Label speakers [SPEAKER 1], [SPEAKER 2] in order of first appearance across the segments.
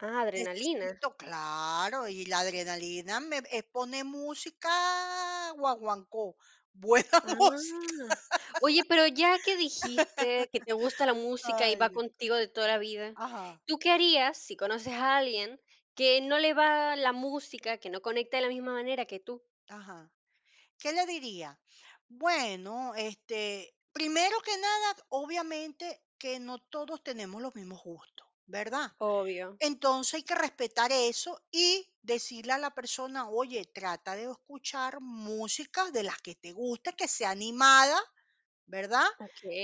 [SPEAKER 1] Ah, adrenalina.
[SPEAKER 2] Necesito claro. Y la adrenalina me eh, pone música guaguancó. Buena música.
[SPEAKER 1] Ah. Oye, pero ya que dijiste que te gusta la música y
[SPEAKER 2] Ay,
[SPEAKER 1] va
[SPEAKER 2] Dios.
[SPEAKER 1] contigo de toda la vida,
[SPEAKER 2] Ajá.
[SPEAKER 1] ¿tú qué harías si conoces a alguien que no le va la música, que no conecta de la misma manera que tú?
[SPEAKER 2] Ajá. ¿Qué le diría? Bueno, este, primero que nada, obviamente que no todos tenemos los mismos gustos, ¿verdad?
[SPEAKER 1] Obvio.
[SPEAKER 2] Entonces hay que respetar eso, y decirle a la persona, oye, trata de escuchar música de las que te guste, que sea animada, ¿verdad?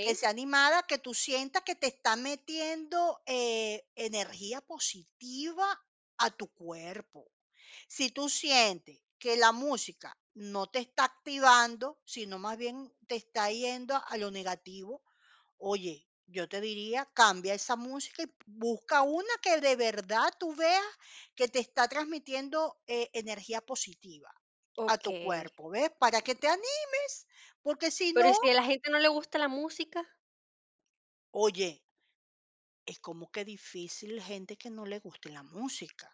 [SPEAKER 2] Que sea animada, que tú sientas que te está metiendo, eh, energía positiva a tu cuerpo. Si tú sientes que la música no te está activando, sino más bien te está yendo a lo negativo, oye, yo te diría, cambia esa música y b busca una que de verdad tú veas que te está transmitiendo e energía positiva a tu
[SPEAKER 1] Okey.
[SPEAKER 2] cuerpo, ¿ves? Para que te animes, porque, si
[SPEAKER 1] Pero, ¿y
[SPEAKER 2] no
[SPEAKER 1] si a la gente no le gusta la música?
[SPEAKER 2] Oye es como que difícil gente que no le guste la música.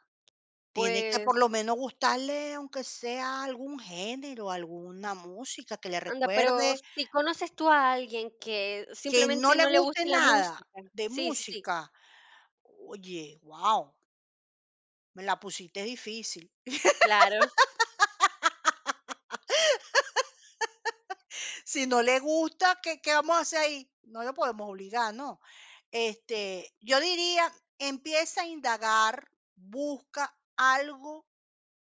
[SPEAKER 2] Tiene que,
[SPEAKER 1] Pues
[SPEAKER 2] por lo menos, gustarle aunque sea algún género, alguna música que le
[SPEAKER 1] Anda, pero
[SPEAKER 2] recuerde
[SPEAKER 1] si conoces tú a alguien que
[SPEAKER 2] ¿Que no
[SPEAKER 1] simplemente
[SPEAKER 2] le
[SPEAKER 1] no le
[SPEAKER 2] guste
[SPEAKER 1] guste la
[SPEAKER 2] nada
[SPEAKER 1] música.
[SPEAKER 2] de
[SPEAKER 1] Sí, sí, sí.
[SPEAKER 2] música? Oye, guau. Me la pusiste difícil.
[SPEAKER 1] Claro.
[SPEAKER 2] Si no le gusta, ¿qué qué vamos a hacer ahí? No lo podemos obligar, ¿no? Este, yo diría, empieza a indagar. Busca algo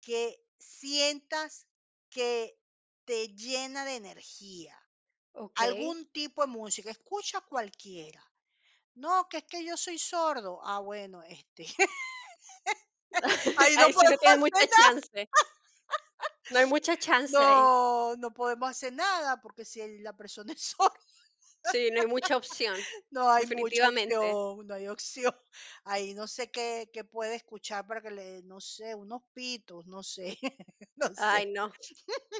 [SPEAKER 2] que sientas que te llena de energía,
[SPEAKER 1] Okey.
[SPEAKER 2] algún tipo de música. Escucha cualquiera. No, que es que yo soy sordo. Ah, bueno, este Ahí no
[SPEAKER 1] Ahí sí no
[SPEAKER 2] podemos
[SPEAKER 1] tiene
[SPEAKER 2] hacer
[SPEAKER 1] mucha
[SPEAKER 2] nada.
[SPEAKER 1] chance. No hay mucha chance ahí.
[SPEAKER 2] No, no podemos hacer nada, porque si el la persona es sorda,
[SPEAKER 1] Sí, no hay mucha opción.
[SPEAKER 2] no hay mucha
[SPEAKER 1] Definitivamente.
[SPEAKER 2] opción, no hay opción. Ahí no sé qué qué puede escuchar para que le dé, no sé, unos pitos, no sé, no sé.
[SPEAKER 1] Ay, no,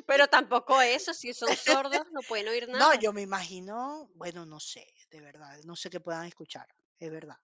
[SPEAKER 1] pero tampoco eso, si son sordos, no pueden oír
[SPEAKER 2] No,
[SPEAKER 1] nada.
[SPEAKER 2] yo me imagino, bueno, no sé, de verdad, no sé qué puedan escuchar, es verdad.